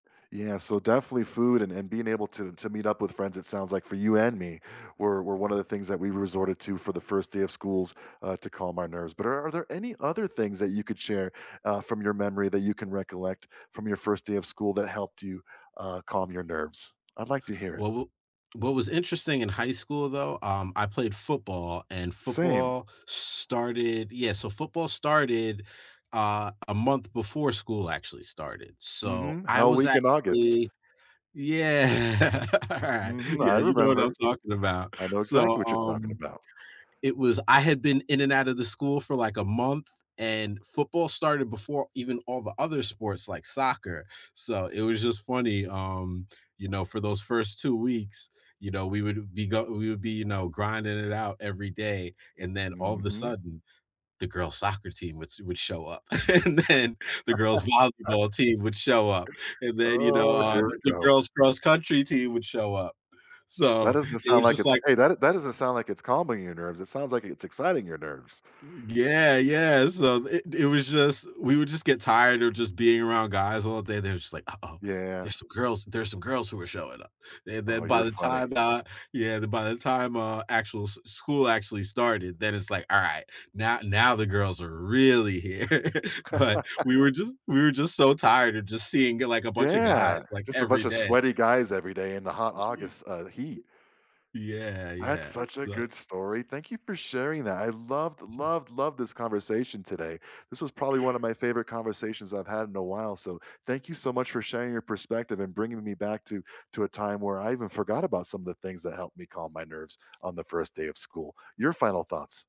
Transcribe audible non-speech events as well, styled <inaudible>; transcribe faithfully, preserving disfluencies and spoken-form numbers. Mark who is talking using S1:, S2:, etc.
S1: Yeah, so definitely food and and being able to to meet up with friends, it sounds like for you and me, were were one of the things that we resorted to for the first day of schools, uh, to calm our nerves. But are there any other things that you could share, uh, from your memory that you can recollect from your first day of school that helped you, uh, calm your nerves? I'd like to hear it.
S2: Well, wha what was interesting in high school though, um, I played football and
S1: Same.
S2: football started yeah, so football started, uh, a month before school actually started, so
S1: Mhm.
S2: I
S1: Hell
S2: was
S1: Week in August.
S2: actually, yeah, <chuckles>
S1: Mhm, I
S2: yeah, you know what I'm
S1: remember.
S2: talking about,
S1: I know exactly
S2: so,
S1: what you're talking
S2: um,
S1: about.
S2: it was I had been in and out of the school for like a month, and football started before even all the other sports like soccer, so it was just funny, um, you know, for those first two weeks, you know, we would be go we would be, you know, grinding it out every day, and then all of the
S1: Mhm.
S2: sudden, the girls' soccer team would s would show up, <laughs> and then the girls' volleyball
S1: <laughs>
S2: team would show up, and then, you know,
S1: Oh,
S2: uh,
S1: here we
S2: the
S1: go.
S2: girls' cross country team would show up.
S1: That
S2: So
S1: doesn't
S2: it
S1: sound
S2: was
S1: like
S2: just
S1: it's
S2: like
S1: great that d that doesn't sound like it's calming your nerves. It sounds like it's exciting your nerves.
S2: Yeah, yeah, so it it was just, we would just get tired of just being around guys all day, they're just like, "Uh-oh,
S1: Yeah.
S2: there's some girls there's some girls who are showing up." And then
S1: Oh,
S2: by
S1: you're
S2: the
S1: funny.
S2: time, uh, yeah, the by the time uh actual s school actually started, then it's like, "All right, now now the girls are really here," <chuckles> but we were
S1: <laughs>
S2: just we were just so tired of just seeing g like a bunch of guys,
S1: Yeah,
S2: like
S1: just a
S2: every
S1: bunch of
S2: day.
S1: sweaty guys every day in the hot
S2: <unintelligible>
S1: August, uh, heat.
S2: Yeah,
S1: That's
S2: yeah,
S1: such a
S2: so.
S1: good story. Thank you for sharing that. I loved, loved,
S2: <chuckles>
S1: loved this conversation today. This was probably one of my favorite conversations I've had in a while, so, thank you so much for sharing your perspective and bringing me back to to a time where I even forgot about some of the things that helped me calm my nerves on the first day of school. Your final thoughts?